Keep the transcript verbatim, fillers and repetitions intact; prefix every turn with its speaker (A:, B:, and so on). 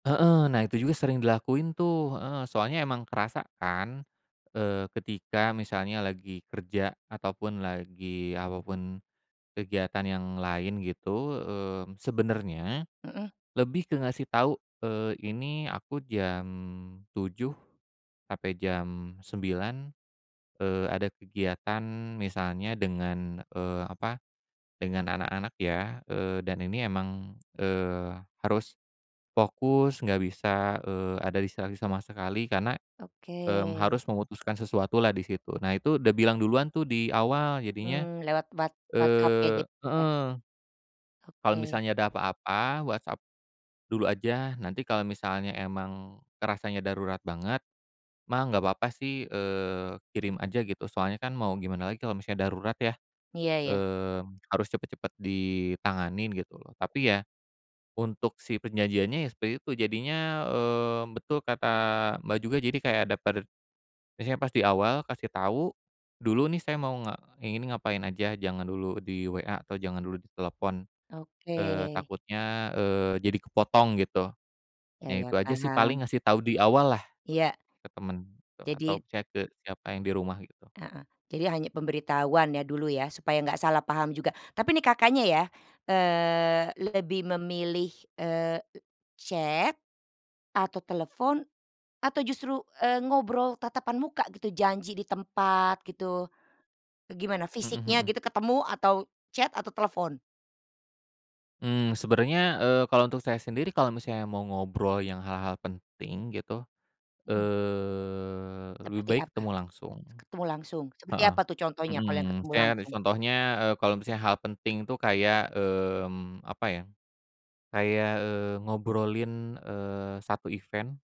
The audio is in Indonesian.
A: Heeh, nah itu juga sering dilakuin tuh, heeh, soalnya emang kerasa kan. Eee ketika misalnya lagi kerja ataupun lagi, apapun kegiatan yang lain gitu, mmm, sebenernya
B: Mhm.
A: lebih ke ngasih tahu, eee, ini aku jam tujuh sampai jam sembilan, eee, ada kegiatan misalnya dengan, eee, apa, dengan anak-anak ya, eee, dan ini emang, eee, harus fokus, enggak bisa, eee, ada distraksi sama sekali karena, mmm,
B: Oke.
A: harus memutuskan sesuatu lah di situ. Nah itu udah bilang duluan tuh di awal jadinya,
B: Mmm, lewat What WhatsApp ya
A: eee
B: jadinya.
A: heeh. Kalau
B: Oke.
A: misalnya ada apa-apa WhatsApp dulu aja, nanti kalau misalnya emang kerasanya darurat banget, mah, enggak papa sih, eee, kirim aja gitu. Soalnya kan mau gimana lagi kalau misalnya darurat ya.
B: Iya iya.
A: Mmm, harus cepet-cepet ditanganin gitu loh. Tapi ya, untuk si perjanjiannya ya seperti itu jadinya, eee, betul kata, Mbak, juga jadi kayak ada per misalnya pas di awal kasih tahu, dulu nih saya mau nge ini ngapain aja jangan dulu di WA atau jangan dulu ditelepon, eee,
B: Oke.
A: takutnya, eee, jadi kepotong gitu.
B: Iya
A: Nah,
B: iya,
A: itu aja sih
B: paham.
A: paling ngasih tahu di awal lah
B: Iya.
A: ke temen atau
B: Jadi
A: chat ke siapa yang di rumah gitu.
B: Heeh, jadi hanya pemberitahuan ya dulu ya, supaya enggak salah paham juga. Tapi nih, Kakaknya, ya, eee, lebih memilih, eee, chat, atau telepon atau justru, eee, ngobrol tatapan muka gitu janji di tempat gitu, gimana
A: Mhm
B: fisiknya
A: mhm.
B: gitu ketemu atau chat atau telepon?
A: Mmm, sebenarnya, eee, kalau untuk saya sendiri, kalau misalnya mau ngobrol yang hal-hal penting gitu,
B: Mhm.
A: eee, lebih
B: Seperti
A: baik
B: apa?
A: ketemu langsung.
B: Se ketemu langsung seperti
A: Heeh,
B: apa tuh contohnya, kalau yang
A: mhm,
B: ketemu
A: misalnya,
B: langsung?
A: contohnya e kalau misalnya hal penting itu kayak, mmm, apa ya? Kayak, eee, ngobrolin, eee, satu event.